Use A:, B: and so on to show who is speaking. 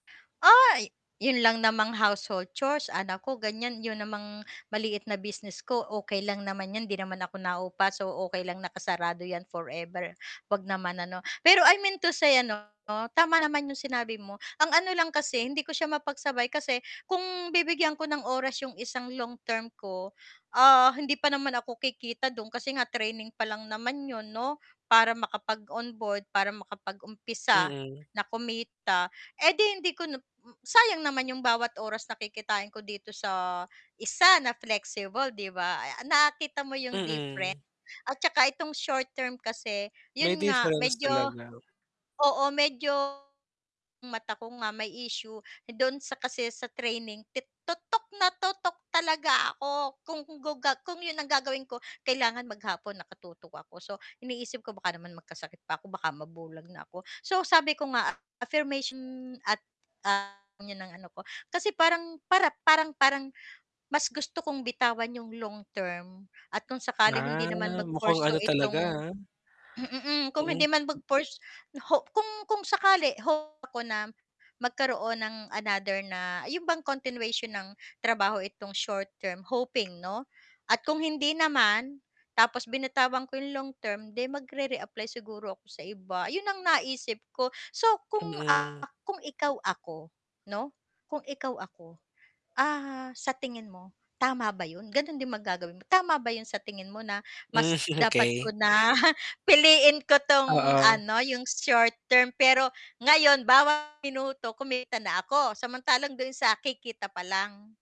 A: Uy! 'Yun lang namang household chores, anak ko, ganiyan. 'Yun namang maliit na business ko okey lang naman 'yun, 'di naman ako naupa, so, okey lang nakasarado 'yan forever, huwag naman ano. Pero I mean to say ano, tama naman 'yung sinabi mo ang ano lang kasi hindi ko siya mapagsabay kasi kung bibigyan ko ng oras 'yong isang long term ko, ah, hindi pa naman ako kikita do'n kasi nga training pa lang naman 'yon 'no para makapag-on board, para makapag-umpisa
B: Mm.
A: na kumita, eh di hindi ko na hmm, sayang naman 'yong bawat oras na kikitain ko dito sa isa na flexible 'di ba, ah, nakita mo 'yong difference.
B: Mm.
A: At saka itong short-term kasi,
B: May
A: 'yon nga
B: difference
A: medyo
B: talaga.
A: oo, medyo mata ko nga may issue, dun sa kasi sa training ti tutok na tutok talaga ako kung gu kung 'yon ang gagawin ko, kailangan maghapon nakatutok ako. So, iniisip ko baka naman magkasakit pa ako, baka mabulag na ako. So, sabi ko nga affirmation at, ah, 'yun ng ano ko, kasi parang para parang parang mas gusto kong bitawan 'yong long term at kung sakaling hindi
B: Ah,
A: naman
B: mukhang ano
A: mag-pursue itong
B: talaga, ah
A: hmm, mm, kung
B: Mm.
A: hindi man mag-purs na ho kung kung sakali hope ako na magkaroon ng another na, 'yon bang continuation ng trabaho itong short-term, hoping 'no, at kung hindi naman tapos binatawan ko 'yong long-term 'di magre-re-apply siguro ako sa iba. 'Yon ang naisip ko so, kung,
B: Mhm.
A: ah, kung ikaw ako 'no kung ikaw ako, ah, sa tingin mo, tama ba 'yon gano'n din ba gagawin mo, tama ba 'yon sa tingin mo, na
B: Mhm,
A: mas dapat ko
B: okey.
A: na piliin ko 'tong
B: Oo.
A: ano 'yong short-term pero ngayon bawat minuto kumita na ako, samantalang doon sa kikita pa lang?